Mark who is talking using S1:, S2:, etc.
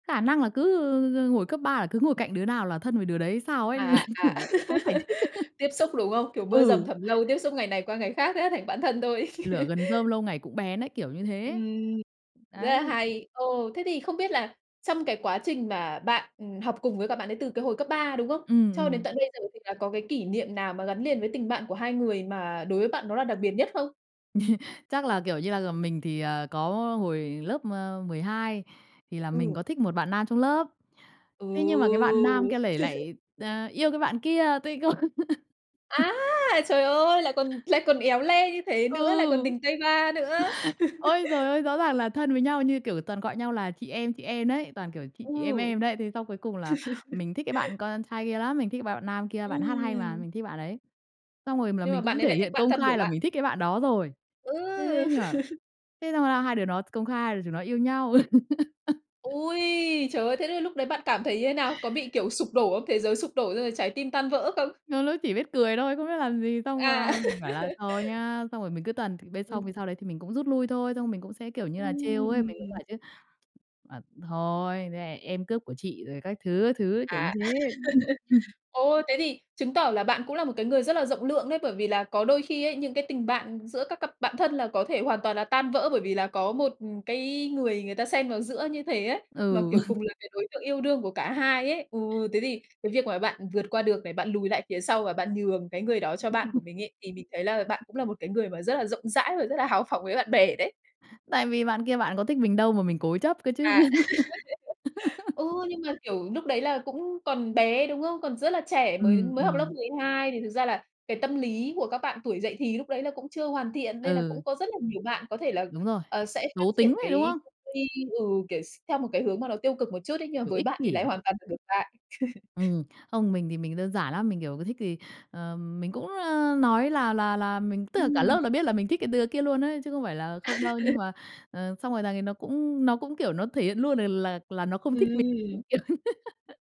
S1: Khả năng là cứ hồi cấp 3 là cứ ngồi cạnh đứa nào là thân với đứa đấy hay sao ấy?
S2: À, à, à,
S1: Kiểu khó giải thích.
S2: tiếp xúc, đúng không? Kiểu mưa
S1: Ừ.
S2: dầm thấm lâu, tiếp xúc ngày này qua ngày khác thế là thành bạn thân thôi.
S1: Lửa gần rơm lâu ngày cũng bén ấy, kiểu như thế
S2: Ừm. Rất
S1: ấy.
S2: là
S1: Đấy.
S2: hay! Ồ, thế thì không biết là trong cái quá trình mà bạn, ừm, học cùng với cả bạn đấy từ cái hồi cấp 3, đúng không?
S1: Ừm,
S2: Cho đến
S1: ừm.
S2: tận bây giờ thì là có cái kỷ niệm nào mà gắn liền với tình bạn của hai người mà đối với bạn đó là đặc biệt nhất không?
S1: Chắc là, kiểu như là, ờ, mình thì, ờ, có hồi lớp, a, 12 thì là mình
S2: Ừ.
S1: có thích một bạn nam trong lớp, thế nhưng mà cái bạn nam
S2: Ừ!
S1: kia lại lại t yêu cái bạn kia, tôi không
S2: Á, trời ơi! Lại còn lại còn éo le như thế nữa, lại còn
S1: Ừ!
S2: tình tay ba nữa.
S1: Ôi giời ơi! Rõ ràng là thân với nhau như kiểu toàn gọi nhau là chị em, chị em đấy, toàn, kiểu, chị chị
S2: Ừ.
S1: em em đấy. Thế xong cuối cùng là mình thích cái bạn con trai kia lắm, mình thích bạn bạn nam kia, bạn hát hay mà,
S2: Ừm.
S1: mình thích bạn ấy. Xong rồi m là
S2: Nhưng mà
S1: mình
S2: bạn
S1: cũng
S2: ấy
S1: thể
S2: lại thích
S1: hiện
S2: bạn
S1: công
S2: thân của
S1: khai là
S2: bạn.
S1: mình thích cái bạn đó rồi. Thế thế
S2: Ừ!
S1: nhưng mà thế xong là hai đứa nó công khai hai đứa chúng nó yêu nhau.
S2: Ôi, trời ơi! Thế thì lúc đấy bạn cảm thấy như thế nào? Có bị, kiểu, sụp đổ không, thế giới sụp đổ, xong rồi trái tim tan vỡ không?
S1: Trong lớp chỉ biết cười thôi, không biết làm gì, xong
S2: À!
S1: là mình bảo là "thôi nhá", xong rồi mình cứ tuần bên
S2: Ừm.
S1: xong thì sau đấy thì mình cũng rút lui thôi, xong mình cũng sẽ, kiểu như là, trêu ấy, mình cũng
S2: Ừm!
S1: bảo chứ, à, "Thôi, [unintelligible] em cướp của chị" rồi các thứ, các thứ, kiểu như
S2: À.
S1: thế.
S2: Ồ, thế thì chứng tỏ là bạn cũng là một cái người rất là rộng lượng đấy, bởi vì là có đôi khi ấy, những cái tình bạn giữa các cặp bạn thân là có thể hoàn toàn là tan vỡ, bởi vì là có một, ừm, cái người người ta xen vào giữa như thế ấy, mà,
S1: Ừ.
S2: kiểu, cùng là cái đối tượng yêu đương của cả hai ấy. Ừ, thế thì cái việc mà bạn vượt qua được này, bạn lùi lại phía sau và bạn nhường cái người đó cho bạn của mình ấy, thì mình thấy là bạn cũng là một cái người mà rất là rộng rãi và rất là háo phỏng với bạn bè đấy.
S1: Tại vì bạn kia bạn có thích mình đâu mà mình cố chấp cơ
S2: À.
S1: chứ.
S2: Ừ, nhưng mà, kiểu, lúc đấy là cũng còn bé, đúng không? Còn rất là trẻ, mới
S1: Ừm,
S2: mới học lớp
S1: ừm.
S2: 12 thì thực ra là cái tâm lý của các bạn tuổi dậy thì lúc đấy là cũng chưa hoàn thiện, nên là
S1: Ừ.
S2: cũng có rất là nhiều bạn có thể là,
S1: Đúng rồi.
S2: ờ, sẽ phát
S1: Xấu tính
S2: triển
S1: ấy, đúng
S2: cái
S1: không?
S2: tư duy ừ, kiểu, x theo một cái hướng mà nó tiêu cực một chút ấy, nhưng mà
S1: Kiểu
S2: với
S1: ích
S2: bạn thì lại
S1: kỷ.
S2: hoàn toàn ngược lại.
S1: Ừm, không, mình thì mình đơn giản lắm, mình, kiểu, cứ thích thì, ờ, mình cũng, ơ, nói là là là mình tức là cả lớp
S2: Ừm.
S1: là biết là mình thích cái đứa kia luôn ấy, chứ không phải là không đâu, nhưng mà, ờ, xong rồi thằng ấy nó cũng nó cũng, kiểu, nó thể hiện luôn l là là nó không thích mình.
S2: Ừm.
S1: Đúng kiểu